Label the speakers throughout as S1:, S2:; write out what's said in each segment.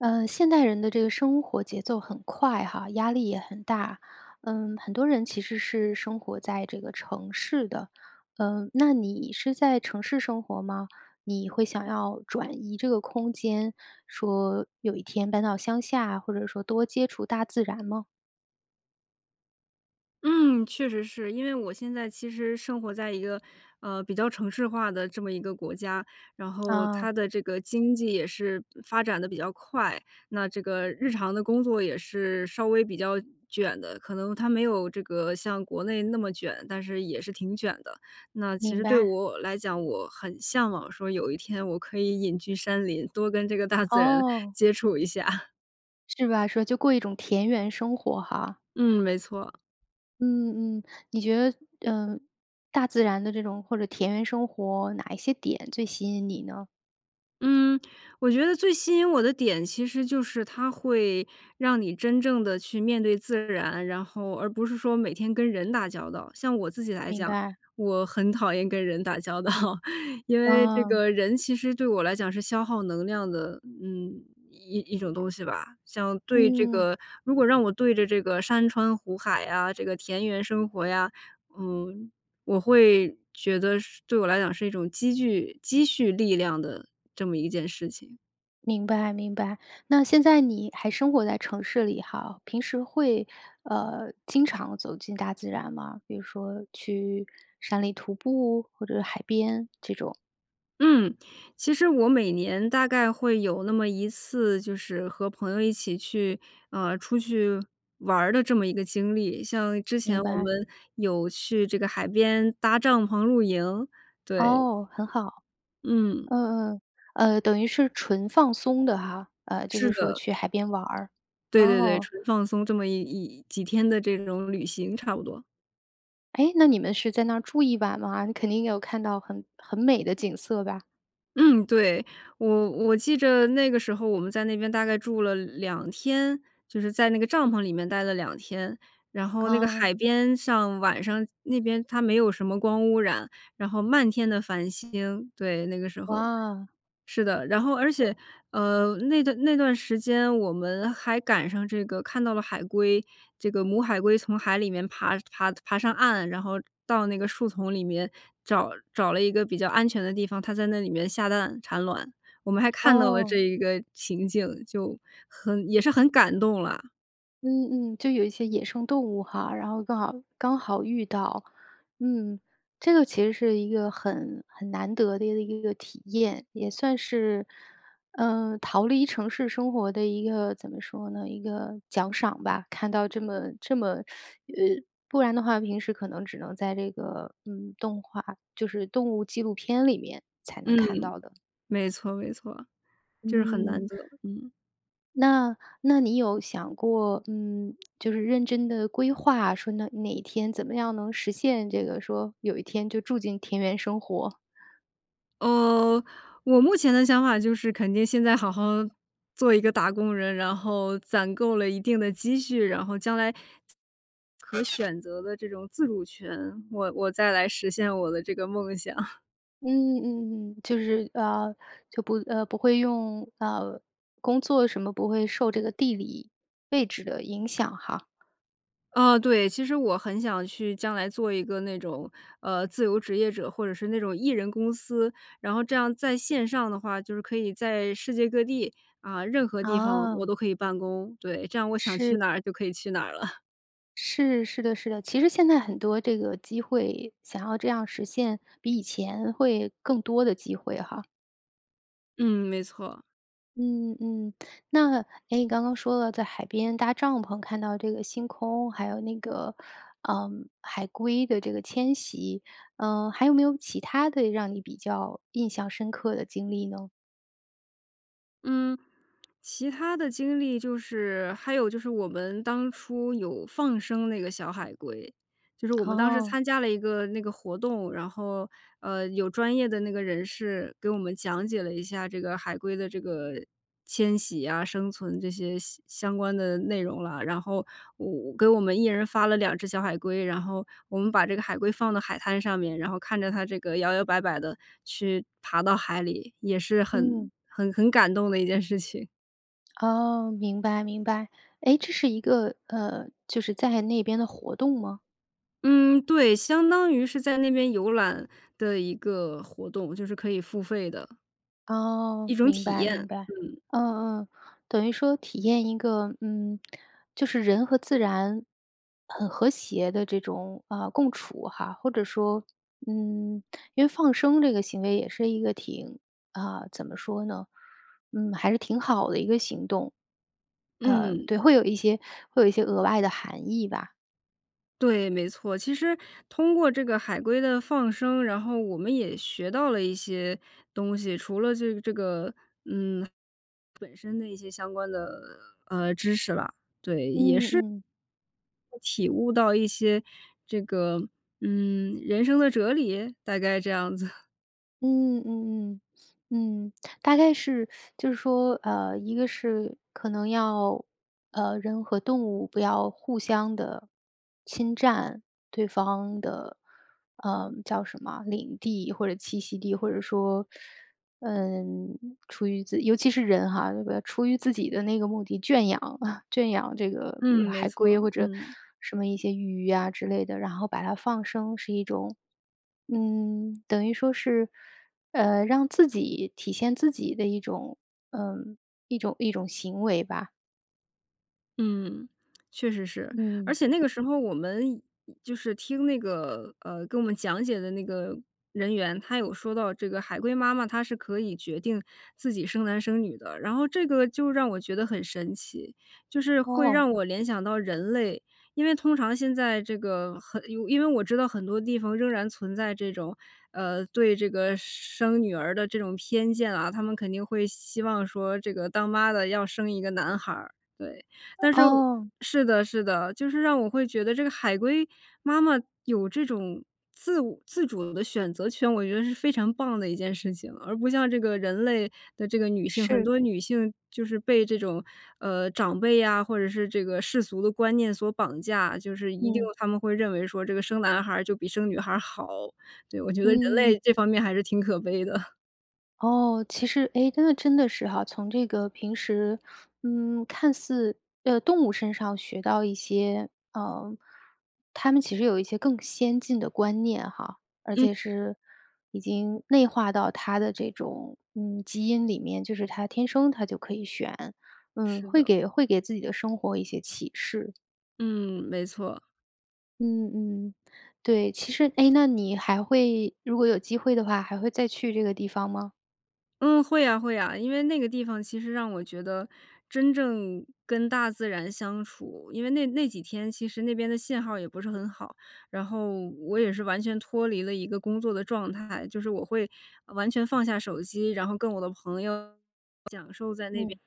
S1: 呃，现代人的这个生活节奏很快哈，压力也很大，嗯，很多人其实是生活在这个城市的。呃，那你是在城市生活吗？你会想要转移这个空间，说有一天搬到乡下，或者说多接触大自然吗？
S2: 嗯，确实是。因为我现在其实生活在一个，呃，比较城市化的这么一个国家，然后
S1: 啊。
S2: 它的这个经济也是发展得比较快，那这个日常的工作也是稍微比较卷的，可能它没有这个像国内那么卷，但是也是挺卷的。那其
S1: 明
S2: 实对
S1: 白。
S2: 我来讲，我很向往说有一天我可以隐居山林，多跟这个大自然
S1: 哦。
S2: 接触一下。
S1: 是吧，说就过一种田园生活哈。
S2: 嗯，没错。
S1: 嗯，嗯。你觉得，呃，大自然的这种或者田园生活，哪一些点最吸引你呢？
S2: 嗯，我觉得最吸引我的点，其实就是它会让你真正地去面对自然，然后而不是说每天跟人打交道。像我自己来
S1: 明
S2: 讲，
S1: 白。
S2: 我很讨厌跟人打交道，因为这
S1: 哦。
S2: 个人其实对我来讲是消耗能量的，嗯，一一种东西吧。像对这
S1: 嗯。
S2: 个如果让我对着这个山川湖海呀，这个田园生活呀，嗯，我会觉得是对我来讲是一种积聚积蓄力量的这么一件事情。
S1: 明白，明白。那现在你还生活在城市里哈？平时会，呃，经常走进大自然吗？比如说去山里徒步或者海边这种？
S2: 嗯，其实我每年大概会有那么1次，就是和朋友一起去呃，出去玩儿的这么一个经历，像之前
S1: 明
S2: 我
S1: 白。
S2: 们有去这个海边搭帐篷露营，对。
S1: 哦，很好。
S2: 嗯。
S1: 嗯，嗯，呃，等于是纯放松的哈？呃，就
S2: 是
S1: 是说
S2: 的。
S1: 去海边玩儿，
S2: 对对对，
S1: 哦。
S2: 纯放松这么11几天的这种旅行差不多。
S1: 哎，那你们是在那住一晚吗？你肯定有看到很很美的景色吧？
S2: 嗯，对，我我记着那个时候我们在那边大概住了2天，就是在那个帐篷里面待了2天。然后那个
S1: 哦。
S2: 海边上晚上那边它没有什么光污染，然后漫天的繁星，对，那个时候。
S1: 哇。
S2: 是的，然后而且呃，那段那段时间我们还赶上这个看到了海龟，这个母海龟从海里面爬爬爬上岸，然后到那个树丛里面找找了一个比较安全的地方，它在那里面下蛋产卵。我们还看到了这
S1: 哦。
S2: 一个情景，就很也是很感动啦。
S1: 嗯嗯，就有一些野生动物哈，然后刚好刚好遇到。嗯，这个其实是一个很很难得的一个一个体验，也算是，呃，逃离城市生活的一个怎么说呢？一个奖赏吧。看到这么这么 呃，不然的话，平时可能只能在这个，嗯，动画就是动物纪录片里面才
S2: 嗯，
S1: 能看到的。
S2: 没错没错。就是很
S1: 嗯。
S2: 难得，嗯。
S1: 那那你有想过，嗯，就是认真地规划说那哪一天怎么样能实现这个说，有一天就住进田园生活？
S2: 呃，我目前的想法就是肯定现在好好做一个打工人，然后，攒够了一定的积蓄，然后将来可选择的这种自主权，我我再来实现我的这个梦想。
S1: 嗯嗯嗯，就是呃，就不呃，不会用呃，工作什么不会受这个地理位置的影响哈。
S2: 嗯，对。其实我很想去将来做一个那种，呃，自由职业者，或者是那种1人公司。然后这样在线上的话，就是可以在世界各地，啊，任何地方我
S1: 哦。
S2: 都可以办公。对，这样我想去
S1: 是。
S2: 哪儿就可以去哪儿了。
S1: 是，是的是的。其实现在很多这个机会想要这样实现比以前会更多的机会哈。
S2: 嗯，没错。
S1: 嗯嗯。那，诶，你刚刚说了在海边搭帐篷看到这个星空，还有那个，呃，海龟的这个迁徙，呃，还有没有其它的让你比较印象深刻的经历呢？
S2: 嗯，其它的经历就是还有就是我们当初有放生那个小海龟，就是我们当时
S1: 哦。
S2: 参加了一个那个活动，然后，呃，有专业的那个人士给我们讲解了一下这个海龟的这个迁徙啊、生存这些相相关的内容了。然后我给我们1人发了2只小海龟，然后我们把这个海龟放到海滩上面，然后看着它这个摇摇摆摆地去爬到海里，也是很
S1: 嗯。
S2: 很很感动的一件事情。
S1: 哦，明白，明白。诶，这是一个呃，就是在那边的活动吗？
S2: 嗯，对，相当于是在那边游览的一个活动，就是可以付费的一
S1: 哦，
S2: 种
S1: 明
S2: 体
S1: 白，明
S2: 验，
S1: 白。
S2: 嗯。
S1: 嗯嗯，等于说体验一个，嗯，就是人和自然很和谐的这种，啊，共处哈，或者说，嗯，因为放生这个行为也是一个挺啊，怎么说呢，嗯，还是挺好的一个行动。呃，
S2: 嗯。
S1: 对，会有一些会有一些额外的含义吧。
S2: 对，没错，其实通过这个海龟的放生，然后我们也学到了一些东西，除了这个这个，嗯，本身的一些相关的，呃，知识吧。对，也
S1: 嗯，
S2: 是
S1: 嗯。
S2: 体悟到一些这个，嗯，人生的哲理？大概这样子。
S1: 嗯嗯嗯嗯，嗯，大概是 就是说，呃，一个是可能要呃，人和动物不要互相地侵占对方的，呃，叫什么，领地或者栖息地或者说，嗯，出于自尤其是人哈，出于自己的那个目的，圈养 圈养这个比
S2: 嗯，
S1: 如
S2: 没
S1: 海龟
S2: 错，
S1: 或者，
S2: 嗯。
S1: 什么一些鱼啊之类的，然后把它放生是一种，嗯，等于说是，呃，让自己体现自己的一种呃，一种一种行为吧。
S2: 嗯，确实是。而
S1: 嗯。
S2: 且那个时候我们就是听那个呃，跟我们讲解的那个人员，他有说到这个海龟妈妈她是可以决定自己生男生女的。然后这个就让我觉得很神奇，就是会
S1: 哦。
S2: 让我联想到人类。因为通常现在这个很因为我知道很多地方仍然存在这种呃，对这个生女儿的这种偏见啊，他们肯定会希望说这个当妈的要生一个男孩，对。但是我
S1: 哦。
S2: 是的，是的，就是让我会觉得这个海龟妈妈有这种自我自主的选择权，我觉得是非常棒的一件事情。而不像这个人类的这个女性，很
S1: 是。
S2: 多女性就是被这种，呃，长辈呀或者是这个世俗的观念所绑架，就是一定
S1: 嗯。
S2: 有他们会认为说这个生男孩就比生女孩好，对，我觉得人类
S1: 嗯。
S2: 这方面还是挺可悲的。
S1: 哦，其实，哎，那真的是哈，从这个平时嗯，看似呃，动物身上学到一些呃，它们其实有一些更先进的观念哈。而
S2: 嗯。
S1: 且是已经内化到它的这种，嗯，基因里面，就是它天生它就可以选，嗯，
S2: 是
S1: 会
S2: 的。
S1: 给会给自己的生活一些启示。
S2: 嗯，没错。
S1: 嗯嗯，对。其实诶，那你还会如果有机会的话，还会再去这个地方吗？
S2: 嗯，会啊会啊，因为那个地方其实让我觉得真正跟大自然相处。因为那那几天，其实那边的信号也不是很好，然后我也是完全脱离了一个工作的状态，就是我会完全放下手机，然后跟我的朋友享受在那边的生活。
S1: 嗯。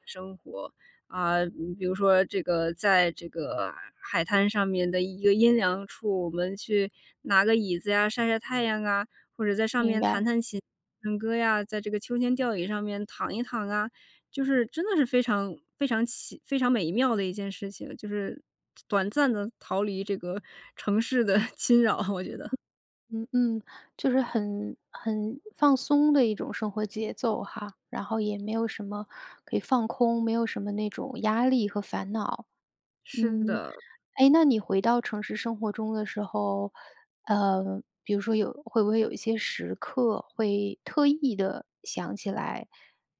S2: 啊，比比如说这个在这个海滩上面的一个阴凉处，我们去拿个椅子呀晒晒太阳啊，或者在上
S1: 明
S2: 面弹
S1: 白。
S2: 弹琴唱歌呀，在这个秋千吊椅上面躺一躺啊。就是真的是非常非常奇非常美妙的一件事情，就是短暂地逃离这个城市的侵扰，我觉得。
S1: 嗯嗯，就是很很放松的一种生活节奏哈，然后也没有什么可以放空，没有什么那种压力和烦恼。
S2: 是
S1: 嗯，
S2: 的。
S1: 诶，那你回到城市生活中的时候，呃，比如说有会不会有一些时刻，会特意地想起来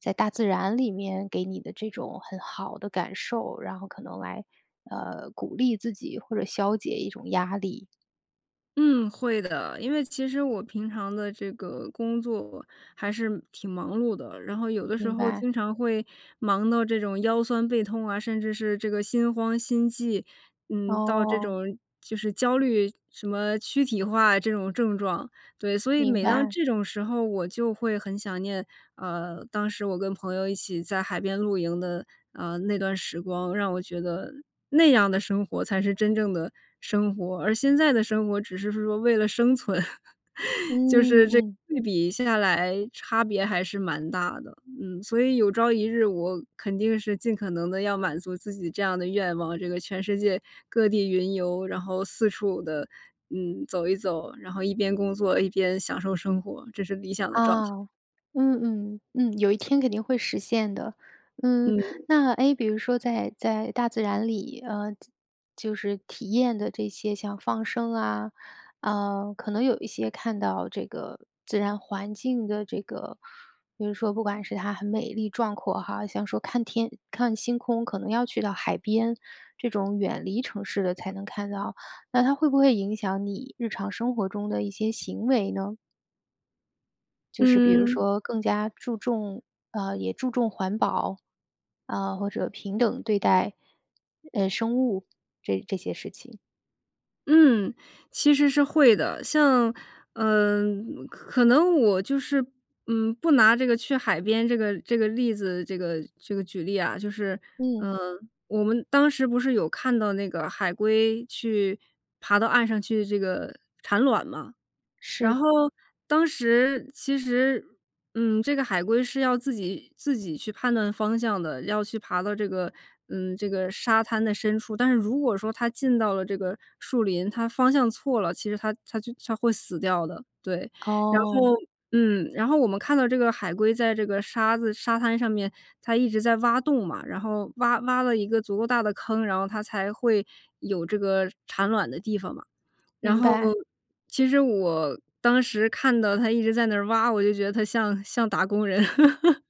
S1: 在大自然里面给你的这种很好的感受，然后可能来，呃，鼓励自己或者消解一种压力？
S2: 嗯，会的。因为其实我平常的这个工作还是挺忙碌的，然后有的时
S1: 明
S2: 候
S1: 白。
S2: 经常会忙到这种腰酸背痛啊，甚至是这个心慌、心悸。嗯，到这
S1: 哦。
S2: 种就是焦虑，什么躯体化，这种症状。对，所以
S1: 明
S2: 每当
S1: 白。
S2: 这种时候我就会很想念，啊，当时我跟朋友一起在海边露营的，啊，那段时光，让我觉得那样的生活才是真正的生活，而现在的生活只是说为了生存。就
S1: 嗯，
S2: 是这个
S1: 嗯。
S2: 对比下来差别还是蛮大的。嗯，所以有朝一日我肯定是尽可能地要满足自己这样的愿望，这个全世界各地云游，然后四处地嗯，走一走，然后一边工作一边享受生活，这是理想的状
S1: 啊，
S2: 态。
S1: 嗯嗯。嗯，有一天肯定会实现的。嗯，
S2: 嗯。
S1: 那诶比如说在在大自然里呃，就就是体验的这些像放生啊，呃，可能有一些看到这个自然环境的这个比如说不管是它很美丽壮阔哈，像说看天看星空可能要去到海边，这种远离城市的才能看到。那它会不会影响你日常生活中的一些行为呢？就是比如
S2: 嗯。
S1: 说更加注重呃，也注重环保，啊，或者平等对待，呃，生物这这些事情。
S2: 嗯，其实是会的。像呃，可可能我就是，嗯，不拿这个去海边这个这个例子，这个这个举例啊。就是，
S1: 嗯。
S2: 呃，我们当时不是有看到那个海龟，去爬到岸上去这个产卵吗？然
S1: 是。
S2: 后当时其实，嗯，这个海龟是要自己自己去判断方向的，要去爬到这个，嗯，这个沙滩的深处。但是如果说它进到了这个树林，它方向错了，其实它它就它会死掉的。对，然后
S1: 哦。
S2: 嗯，然后我们看到这个海龟在这个沙子沙滩上面它一直在挖洞嘛，然后挖挖了一个足够大的坑，然后它才会有这个产卵的地方嘛。然
S1: 明
S2: 后，
S1: 白。
S2: 其实我当时看到它一直在那儿挖，我就觉得他像像打工人。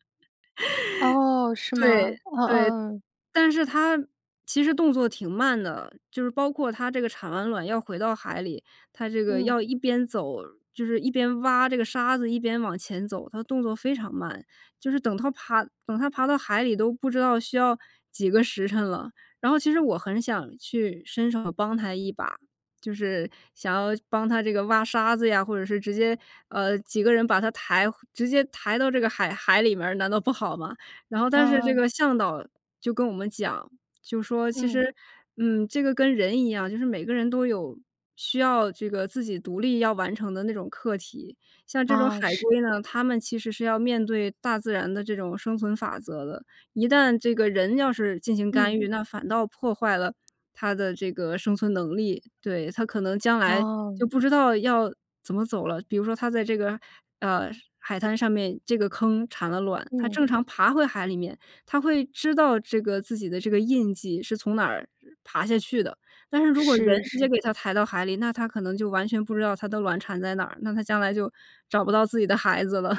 S1: 哦，是
S2: 对，
S1: 吗？嗯
S2: 对。
S1: 嗯嗯。
S2: 但是它其实动作挺慢的，就是包括它这个产完卵要回到海里，它这个
S1: 嗯。
S2: 要一边走就是一边挖这个沙子，一边往前走，它的动作非常慢。就是等它爬等它爬到海里都不知道需要几个时辰了。然后其实我很想去伸手帮它一把，就是想要帮它这个挖沙子呀，或者是直接，呃，几个人把它抬直接抬到这个海海里面儿，难道不好吗？然后但是这
S1: 啊。
S2: 个向导就跟我们讲，就说其
S1: 嗯。
S2: 实，嗯，这个跟人一样，就是每个人都有需要这个自己独立要完成的那种课题，像这种
S1: 啊，
S2: 海
S1: 是。
S2: 龟呢，它们其实是要面对大自然的这种生存法则的，一旦这个人要是进行干
S1: 嗯。
S2: 预，那反倒破坏了它的这个生存能力。对，它可能将来
S1: 哦。
S2: 就不知道要怎么走了。比如说它在这个，呃，海滩上面，这个坑产了卵，它
S1: 嗯。
S2: 正常爬回海里面，它会知道这个自己的这个印迹是从哪儿呃爬下去的。但是如果人
S1: 是，
S2: 直接
S1: 是。
S2: 给它抬到海里，那它可能就完全不知道它的卵产在哪儿，那它将来就找不到自己的孩子了。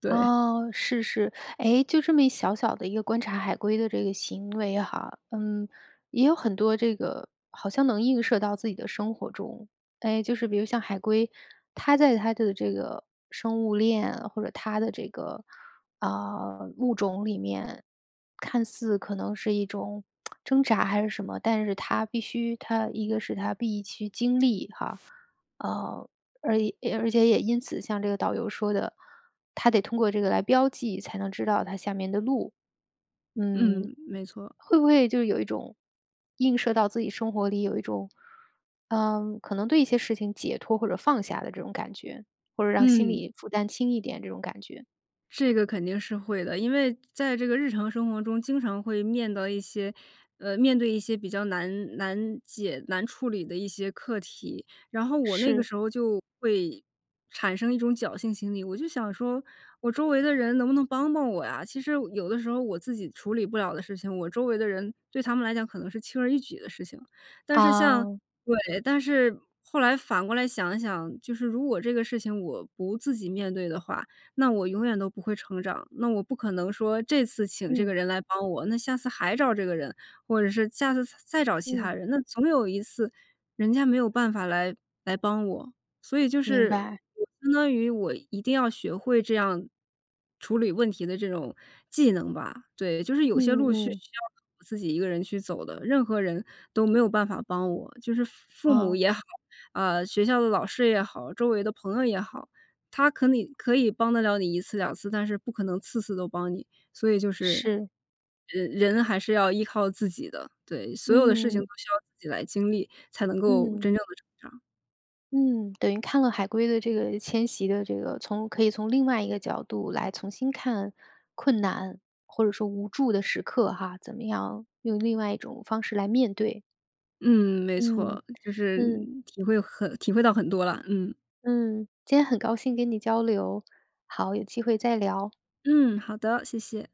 S2: 对。
S1: 哦，是是，诶，就这么一小小的一个观察海龟的这个行为哈，嗯，也有很多这个好像能映射到自己的生活中。哎，就是比如像海龟，它在它的这个生物链或者它的这个，啊，物种里面，看似可能是一种 挣扎还是什么，但是它必须它一个是它必须经历哈。呃，诶而且也因此像这个导游说的，它得通过这个来标记才能知道它下面的路，嗯。
S2: 嗯，没错儿。
S1: 会不会就有一种映射到自己生活里有一种，呃，可能对一些事情解脱，或者放下的这种感觉，或者让心
S2: 嗯。
S1: 理负担轻一点这种感觉？
S2: 这个肯定是会的，因为在这个日常生活中，经常会面对一些呃，面对一些比较难难解、难处理的一些课题。然后我那个
S1: 是。
S2: 时候就会产生一种侥幸心理，我就想说我周围的人能不能帮帮我呀，其实有的时候我自己处理不了的事情，我周围的人对他们来讲可能是轻而易举的事情。但是像
S1: 哦。
S2: 对，但是后来反过来想一想，就是如果这个事情我不自己面对的话，那我永远都不会成长。那我不可能说这次请这个
S1: 嗯。
S2: 人来帮我，那下次还找这个人，或者是下次再再找其他
S1: 嗯。
S2: 人，那总有一次人家没有办法来来帮我。所以就
S1: 明
S2: 是，
S1: 白。
S2: 我相当于我一定要学会这样处理问题的这种技能吧，对。就是有
S1: 嗯
S2: 些路
S1: 嗯
S2: 是需
S1: 嗯。
S2: 要我自己一个人去走的，任何人都没有办法帮我。就是父母
S1: 嗯。
S2: 也好，啊，学校的老师也好、周围的朋友也好，他可你可以帮得了你1次、2次，但是不可能次次都帮你，所以就是
S1: 是。
S2: 人人还是要依靠自己的，对，所有的事情都
S1: 嗯。
S2: 需要自己来经历，才能够
S1: 嗯。
S2: 真正的成长。
S1: 嗯。等于看了海龟的这个迁徙的这个从可以从另外一个角度来重新看，困难或者说无助的时刻哈，怎么样用另外一种方式来面对。
S2: 嗯，没
S1: 嗯，
S2: 错。就是，
S1: 嗯。
S2: 体会很体会到很多了，嗯。
S1: 嗯，今天很高兴跟你交流。好，有机会再聊。
S2: 嗯，好的，谢谢。